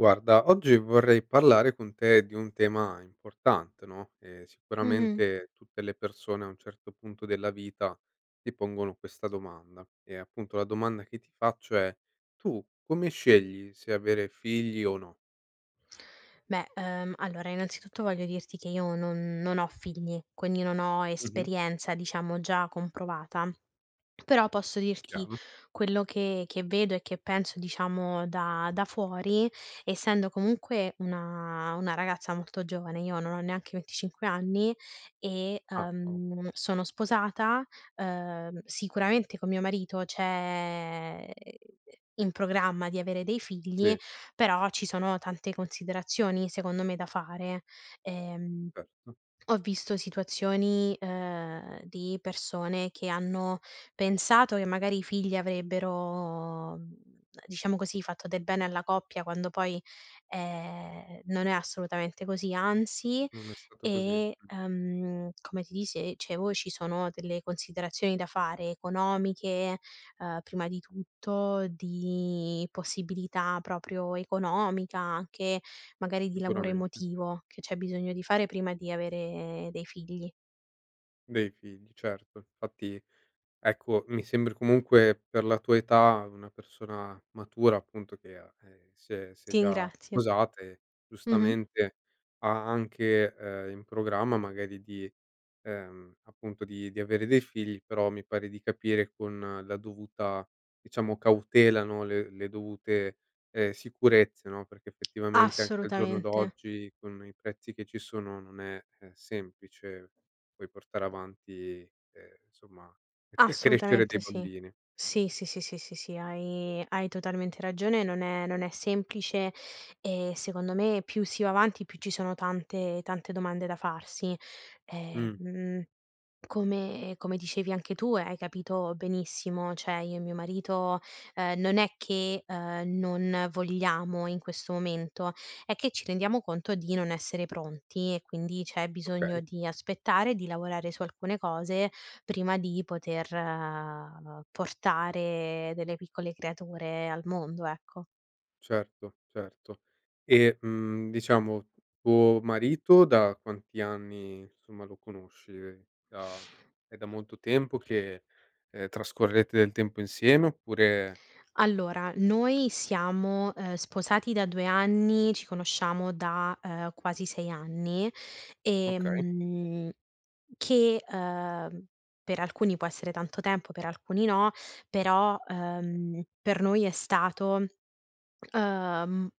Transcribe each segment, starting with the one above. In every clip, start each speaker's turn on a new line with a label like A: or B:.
A: Guarda, oggi vorrei parlare con te di un tema importante, no, e
B: Mh-mh.
A: sicuramente tutte le persone, a un certo punto della vita, ti pongono questa domanda, ehm, appunto, la domanda che ti faccio è: tu come scegli se avere figli, o no?
B: Beh, ehm, allora, innanzitutto, voglio dirti che io non non ho figli, quindi non ho
A: Mh-mh.
B: esperienza, diciamo, già comprovata. Però, posso dirti
A: Chiaro.
B: quello che che vedo e che penso, diciamo, da da fuori, essendo comunque una una ragazza molto giovane- io non ho neanche 25 anni- e,
A: Ah, o
B: ehm, sono sposata, ehm, sicuramente con mio marito c'è, uhm, in programma, di avere dei figli,
A: Sì.
B: però, ci sono tante considerazioni, secondo me, da fare. Ehm,
A: Erto.
B: ho visto situazioni, ehm, di persone che hanno pensato che, magari, i figli avrebbero, mhmm, diciamo così, fatto del bene alla coppia, quando poi, ehm, non è assolutamente così, anzi,
A: Non è stato così,
B: e,
A: mh.
B: ehm, come ti dise dicevo ci sono delle considerazioni da fare: economiche, ehm, prima di tutto, di possibilità proprio economica, anche, magari, di lavoro
A: Sicuramente.
B: emotivo, che c'è bisogno di fare, prima di avere dei figli.
A: Dei figli, certo. Infatti, ecco, mi sembri, comunque, per la tua età, una persona matura, appunto, che, ah ehm, si è si è
B: Ti
A: già
B: ingrazio.
A: sposate,
B: Mh-mh.
A: giustamente, ha anche, ehm, in programma, magari di, ehm, appunto, di di avere dei figli, però mi pare di capire, con la dovuta, diciamo, cautela, no, le le dovute, ehm, sicurezze, no, perché, effettivamente, anche al giorno
B: Assolutamente.
A: d'oggi, con i prezzi che ci sono, non è, ehm, semplice poi portare avanti ehm, insomma, per crescere dei
B: Assolutamente sì.
A: bambini.
B: Sì, sì, sì, sì, sì, sì, hai hai totalmente ragione e non è non è semplice; ehm, secondo me, più si va avanti, più ci sono tante tante domande da farsi. Ehm,
A: Mh.
B: mhmm, come come dicevi anche tu, e hai capito benissimo, cioè, io e mio marito, ehm, non è che, ehm, non vogliamo, in questo momento; è che ci rendiamo conto di non essere pronti, e quindi, c'è
A: Okay.
B: bisogno di aspettare, di lavorare su alcune cose, prima di poter, ehm, portare delle piccole creature al mondo, ecco.
A: Certo, certo. E, mhmm, diciamo, tuo marito da quanti anni, insomma, lo conosci? È da è da molto tempo che, ehm, trascorrerete del tempo insieme oppure
B: Allora, noi siamo, ehm, sposati da 2 anni, ci conosciamo da, ehm, quasi 6 anni, e
A: Okay.
B: mhmm, che, ehm, per alcuni può essere tanto tempo, per alcuni no, però, ehm, per noi è stato, ehm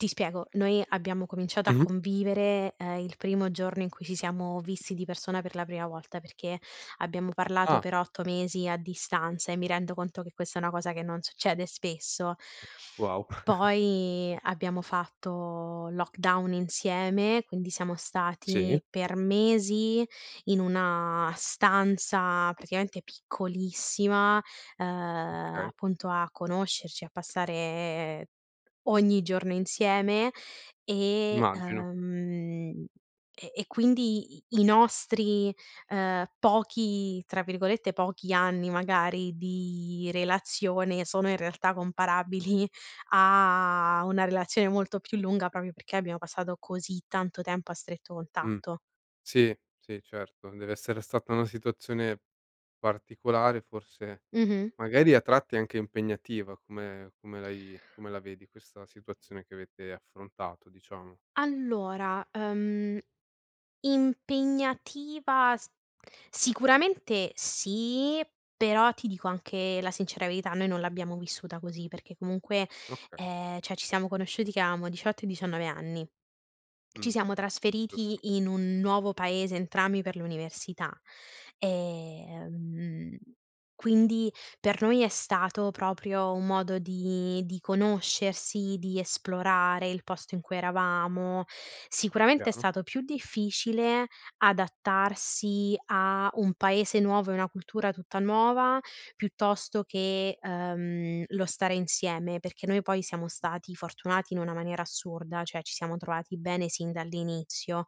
B: Ti spiego: noi abbiamo cominciato a
A: Mh-mh.
B: convivere, ehm, il primo giorno in cui ci siamo visti di persona, per la prima volta, perché abbiamo parlato
A: Ah.
B: per 8 mesi a distanza, e mi rendo conto che questa è una cosa che non succede spesso.
A: Wow!
B: Poi, abbiamo fatto lockdown insieme, quindi, siamo
A: Sì?
B: stati per mesi in una stanza, praticamente, piccolissima, ehm,
A: Okay.
B: appunto, a conoscerci, a passare ogni giorno insieme, e
A: Immagino.
B: ehm, e e quindi, i i nostri, ehm, pochi tra virgolette, "pochi" anni, magari, di relazione sono, in realtà, comparabili a una relazione molto più lunga, proprio perché abbiamo passato così tanto tempo a stretto
A: Mh,
B: contatto.
A: sì, sì, certo, dev'essere stata una situazione particolare, forse,
B: Mh-mh.
A: magari, a tratti, anche impegnativa. Come come l'hai come la vedi, questa situazione che avete affrontato, diciamo?
B: Allora, ehm, impegnativa s sicuramente sì, però, ti dico anche la sincera verità: noi non l'abbiamo vissuta così, perché comunque,
A: Okay.
B: ehm, cioè, ci siamo conosciuti che avevamo 18 e 19 anni, ci
A: Mh,
B: siamo
A: giusto.
B: trasferiti in un nuovo paese, entrambi, per l'università, ehm, quindi, per noi, è stato proprio un modo di di conoscersi, di esplorare il posto in cui eravamo. Sicuramente è
A: Chiaro.
B: stato più difficile adattarsi a un paese nuov ea una cultura tutta nuova, piuttosto che, ehm, lo stare insieme, perché noi, poi, siamo stati fortunati in una maniera assurda, cioè, ci siamo trovati bene sin dall'inizio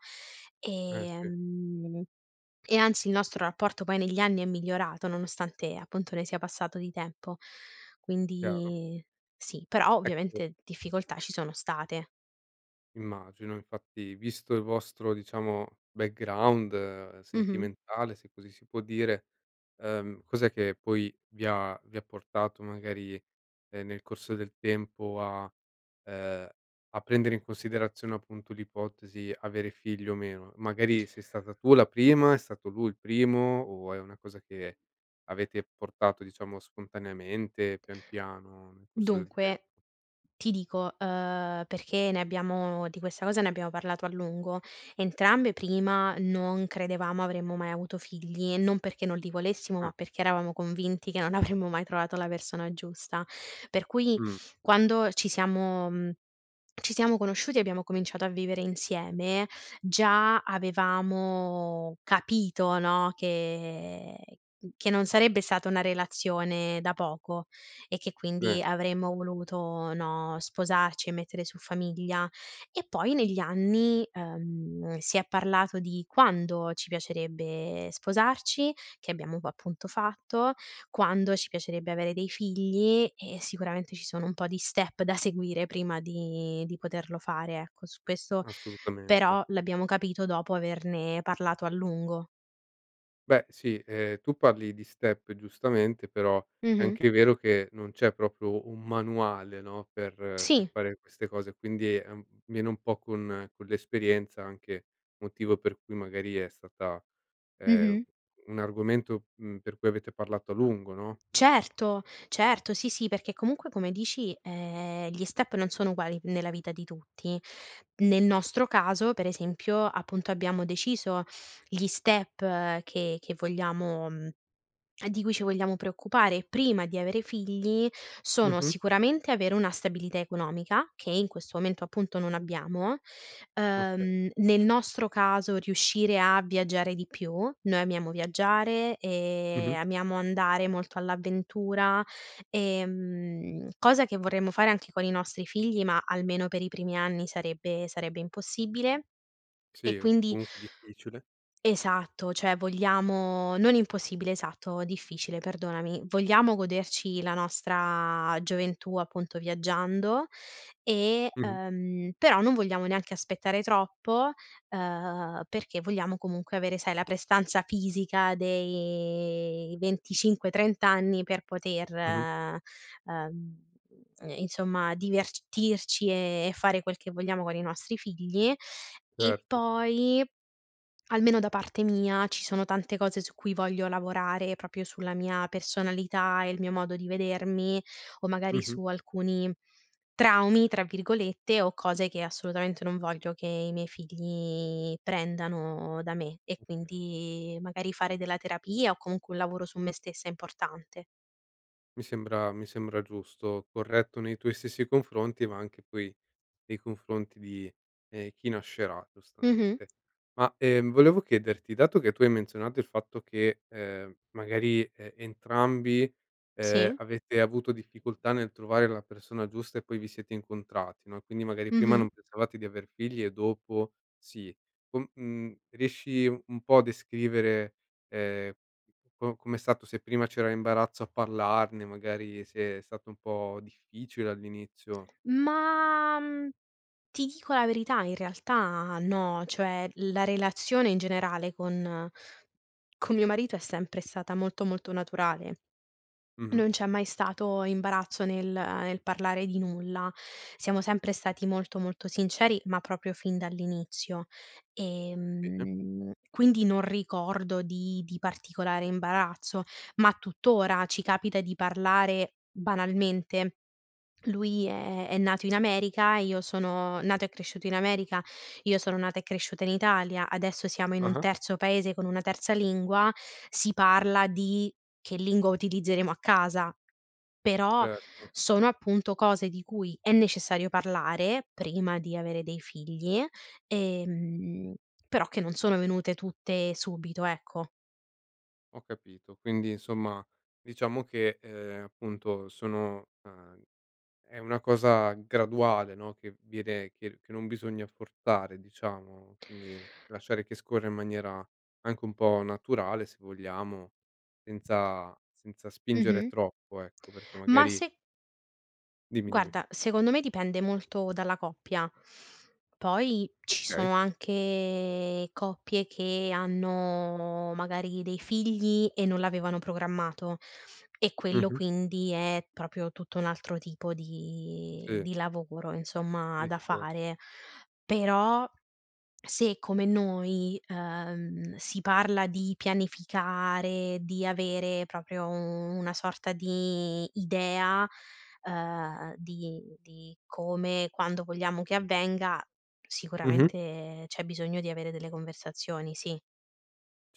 A: Eh,
B: e
A: sì.
B: mhmm, e anzi, il nostro rapporto poi negli anni è migliorato, nonostante, appunto, ne sia passato di tempo,
A: Chiaro.
B: quindi, sì, però,
A: Ecco
B: ovviamente, difficoltà ci sono state.
A: Immagino, infatti, visto il vostro, diciamo, background
B: Mh-mh.
A: sentimentale, se così si può dire, ehm, cos'è che, poi, vi ha vi ha portato, magari, ehm, nel corso del tempo a ehm, a prendere in considerazione, appunto, l'ipotesi: "avere figli, o meno"? Magari, sei stata tu la prima, è stato lui il primo, o è una cosa che avete portato, diciamo, spontaneamente, pian, piano, nel corso del tem
B: Dunque, ti dico, ehm, perché ne abbiamo di questa cosa ne abbiamo parlato a lungo: entrambe, prima, non credevamo avremmo mai avuto figli, non perché non li volessimo, ma
A: Ah.
B: perchè eravamo convinti che non avremmo mai trovato la persona giusta, per cui
A: Mh.
B: quando ci siamo mhmm, ci siamo conosciuti, e abbiamo cominciato a vivere insieme, già avevamo capito, no, che che non sarebbe stata una relazione da poco e che
A: Eh.
B: quindi avremmo voluto, no, sposarci, e mettere su famiglia. E poi, negli anni, ehm, si è parlato di quando ci piacerebbe sposarci- che abbiamo poi, appunto, fatto- quando ci piacerebbe avere dei figli e sicuramente, ci sono un po' di step da seguire, prima di di poterlo fare, ecco. Su questo
A: Assolutamente.
B: però, l'abbiamo capito dopo averne parlato a lungo.
A: Beh, sì, ehm, tu parli di step, giustamente, però, è
B: Mh-mh.
A: anche vero che non c'è proprio un manuale, no, per per
B: Sì.
A: fare queste cose, quindi è un viene un po' con con l'esperienza, anche motivo per cui, magari, è stata ehm,
B: Mh-mh.
A: un argomento, mhmm, per cui avete parlato a lungo, no?
B: Certo, certo, sì, sì, perché comunque, come dici, ehm, gli step non sono uguali nella vita di tutti. Nel nostro caso, per esempio, appunto, abbiamo deciso gli step che che vogliamo mhmm, di cui ci vogliamo preoccupare, prima di avere figli, sono:
A: Mh-mh.
B: sicuramente, avere una stabilità economica, che in questo momento, appunto, non abbiamo,
A: Okay.
B: ehm, nel nostro caso riuscire a viaggiare di più, noi amiamo viaggiare e
A: Mh-mh.
B: amiamo andare molto all'avventura, ehm, cosa che vorremmo fare anche con i nostri figli, ma, almeno per i primi anni, sarebbe sarebbe impossibile. E
A: Sì o,
B: quindi
A: comunque, difficile.
B: Esatto. Cioè, vogliamo non impossibile, esatto, difficile, perdonami. Vogliamo goderci la nostra gioventù, appunto, viaggiando e
A: Mh-mh.
B: ehm, però, non vogliamo neanche aspettare troppo, ehm, perché vogliamo comunque avere, sai, la prestanza fisica de i 25, 30 anni per poter,
A: Mh-mh.
B: ehm, n insomma, divertirci e e fare quel che vogliamo con i nostri figli, e
A: Certo.
B: poi, almeno da parte mia, ci sono tante cose su cui voglio lavorare, proprio sulla mia personalità e il mio modo di vedermi, o magari
A: Mh-mh.
B: su alcuni "traumi", tra virgolette, o cose che assolutamente non voglio che i miei figli prendano da me. E,
A: Oka
B: quindi, magari, fare della terapia o, comunque, un lavoro su me stessa importante.
A: Mi sembra mi sembra giusto, corretto nei tuoi stessi confronti, ma anche, poi, nei confronti di, ehm, chi nascerà
B: Mh-mh.
A: giustamente. Ma, ehm, volevo chiederti: dato che tu hai menzionato il fatto che, ehm, magari, e entrambi, ehm,
B: Sì.
A: avete avuto difficoltà nel trovare la persona giusta e poi vi siete incontrati, no, e quindi, magari, prima
B: Mh-mh.
A: non pensavate di aver figli, e dopo, sì, co mhmm, riesci un un po' a descrivere, ehm, co com'è stato, se prima c'era imbarazzo a parlarne, magari, se è stato un po' difficile, all'inizio?
B: Ma, mhmm, ti dico la verità: in realtà no, cioè, la relazione, in generale, con con mio marito è sempre stata molto, molto naturale,
A: Mh-mh.
B: non c'è mai stato imbarazzo nel nel parlare di nulla. Siamo sempre stati molto, molto sinceri, ma proprio fin dall'inizio e,
A: Bene.
B: mhmm, quindi non ricordo di di particolare imbarazzo; ma, tuttora, ci capita di parlare banalmente, lui è è nato in America e io sono nato e cresciuto in America, io sono nata e cresciuta in Italia, adesso siamo in un
A: Ah-ah.
B: terzo paese, con una terza lingua, si parla di che lingua utilizzeremo a casa, però,
A: Certo.
B: sono, appunto, cose di cui è necessario parlare prima di avere dei figli e mhmm, però, che non sono venute tutte, subito, ecco.
A: Ho capito. Quindi, insomma, diciamo che, ehm, appunto, sono ehm, è una cosa graduale, no, che viene che r che non bisogna forzare, diciamo, quindi, lasciare che scorra in maniera anche un po' naturale, se vogliamo, senza senza spingere
B: Mh-mh.
A: troppo, ecco, perché
B: Ma
A: magari
B: se
A: Dimmi, dimmi.
B: Guarda, secondo me, dipende molto dalla coppia. Poi, ci
A: Okay.
B: sono anche coppie che hanno, magari, dei figli e non l'avevano programmato e quello,
A: Mh-mh.
B: quindi, è proprio tutto un altro tipo di
A: Sì.
B: di lavoro, insomma, da
A: Discorso.
B: fare, però, se come noi, ehm, si parla di pianificare, di avere proprio, u una sorta di idea, ehm, di di come, quando, vogliamo che avvenga,
A: Mh-mh.
B: sicuramente c'è bisogno di avere delle conversazioni, sì.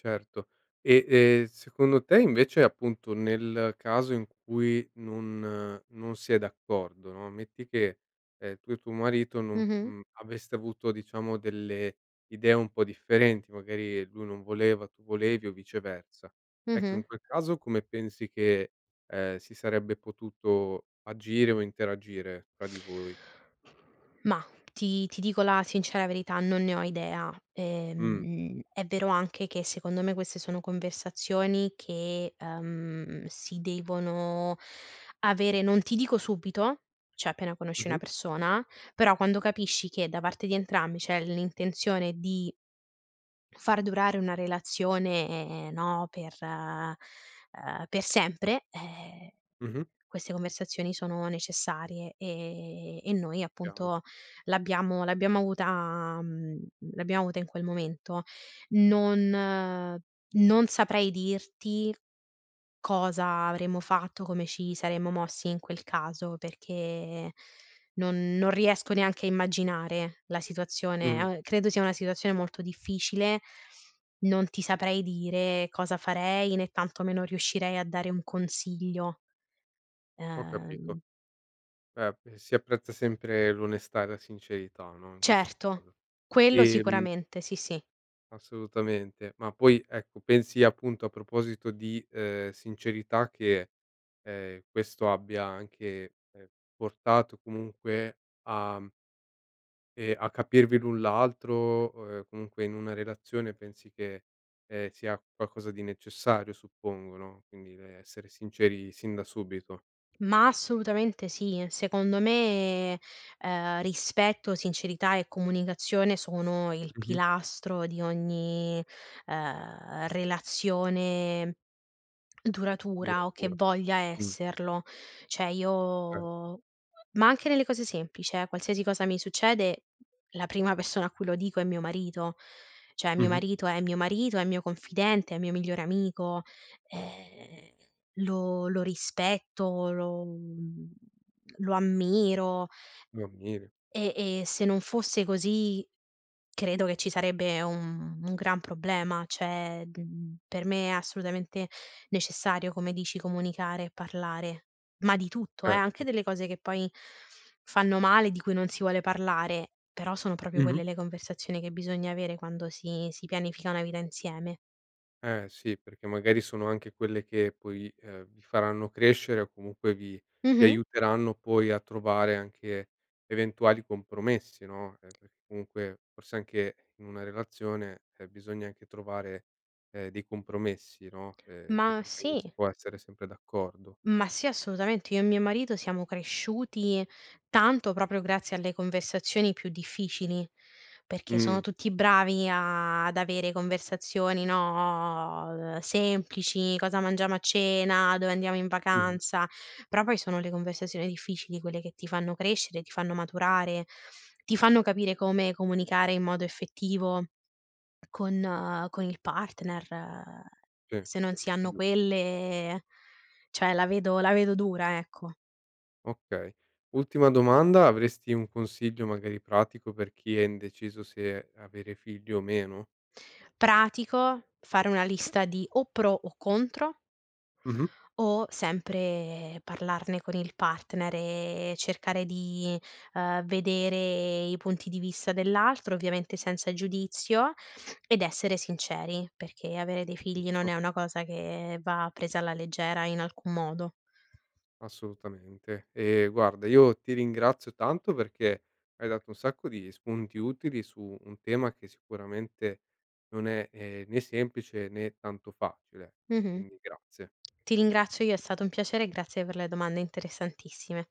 A: Certo. E e, secondo te, invece, appunto, nel caso in cui non non si è d'accordo, no, metti che, ehm, tu e tuo marito non
B: Mh-mh.
A: mhmm, aveste avuto, diciamo, delle idee un po' differenti, magari lui non voleva, tu volevi, o viceversa. Ecco, in
B: Mh-mh.
A: quel caso, come pensi che, ehm, si sarebbe potuto agire o interagire fra di voi?
B: Ma ti ti dico la sincera verità: non ne ho idea.
A: Mh.
B: Ehm, è vero anche che, secondo me, queste sono conversazioni che, ehm, si devono avere, non ti dico subito, cioè appena conosci una
A: Mh-mh.
B: persona, però, quando capisci che, da parte di entrambi, c'è l'intenzione di far durare una relazione, no, per ehm, per sempre, eh,
A: Mh-mh.
B: queste conversazioni sono necessarie e e noi,
A: Chiaro.
B: appunto, l'abbiamo l'abbiamo avuta mhmm, l'abbiamo avuta in quel momento. Non non saprei dirti cosa avremmo fatto, come ci saremmo mossi in quel caso perché, non non riesco neanche a immaginare la situazione
A: Mh-mh.
B: a credo sia una situazione molto difficile, non ti saprei dire cosa farei, né tantomeno riuscirei a dare un consiglio.
A: Ho capito.
B: Ehm
A: Beh, pe si apprezza sempre l'onestà e la sincerità, no, in questo
B: Certo.
A: caso.
B: Quello
A: E, mhmm
B: sicuramente, sì, sì.
A: Assolutamente. Ma poi, ecco, pensi, appunto, a proposito di, ehm, sincerità che, ehm, questo abbia anche, ehm, portato, comunque a ehm, a capirvi l'un l'altro, o e comunque, in una relazione, pensi che, ehm, sia qualcosa di necessario, suppongo, no, quindi, rhm, essere sinceri, sin da subito.
B: Ma assolutamente sì. Secondo me, ehm, rispetto, sincerità e comunicazione sono il
A: Mh-mh.
B: pilastro di ogni, ehm, relazione duratura o che
A: Duratura.
B: voglia
A: Mh.
B: esserlo. Cioè,
A: Okay.
B: io ma anche nelle cose semplici, eh, qualsiasi cosa mi succede, la prima persona a cui lo dico è mio marito. Cioè, mio
A: Mh-mh.
B: marito è mio marito, è mio confidente, è mio migliore amico, ehm, lo lo rispetto, lo lo ammiro
A: Lo ammiri.
B: e e se non fosse così, credo che ci sarebbe un un gran problema. Cioè, mhmm, per me è assolutamente necessario, come dici, comunicare e parlare ma di tutto, eh, anche
A: Certo.
B: delle cose che, poi, fanno male, di cui non si vuole parlare, però, sono proprio
A: Mh-mh.
B: quelle le conversazioni che bisogna avere quando si si pianifica una vita insieme.
A: Eh, sì, perché magari sono anche quelle che poi, ehm, vi faranno crescere o comunque vi vi
B: Mh-mh.
A: aiuteranno poi a trovare anche, eventuali compromessi, no, eh, perché comunque, forse, anche in una relazione, ehm, bisogna anche trovare, ehm, dei compromessi, no, ehm, che
B: Ma
A: perché non si
B: sì.
A: può essere sempre d'accordo.
B: Ma sì, assolutamente, io e mio marito siamo cresciuti tanto, proprio grazie alle conversazioni più difficili, perché sono
A: Mh-mh.
B: tutti bravi a ad avere conversazioni, no, ehm, semplici, cosa mangiamo a cena, dove andiamo in
A: Mh-mh.
B: vacanza, però, poi, sono le conversazioni difficili quelle che ti fanno crescere, ti fanno maturare, ti fanno capire come comunicare in modo effettivo con con il partner.
A: Sì,
B: Se non si hanno
A: giusto.
B: quelle, cioè, la vedo la vedo dura, ecco.
A: Okay. Ultima domanda: avresti un consiglio, magari pratico, per chi è indeciso se avere figli o meno?
B: Pratico, fare una lista di o pro o contro
A: Mh-mh.
B: o, sempre, parlarne con il partner e cercare di, ehm, vedere i punti di vista dell'altro, ovviamente, senza il giudizio, ed essere sinceri, perché avere dei figli non
A: Giusto.
B: è una cosa che va presa alla leggera, in alcun modo.
A: Assolutamente. Ehm, guarda, io ti ringrazio tanto, perché hai dato un sacco di spunti utili su un tema che, sicuramente, non è, ehm, né semplice, né tanto facile, ecco,
B: Mh-mh.
A: quindi grazie.
B: Ti ringrazio io, è stato un piacere e grazie per le domande interessantissime.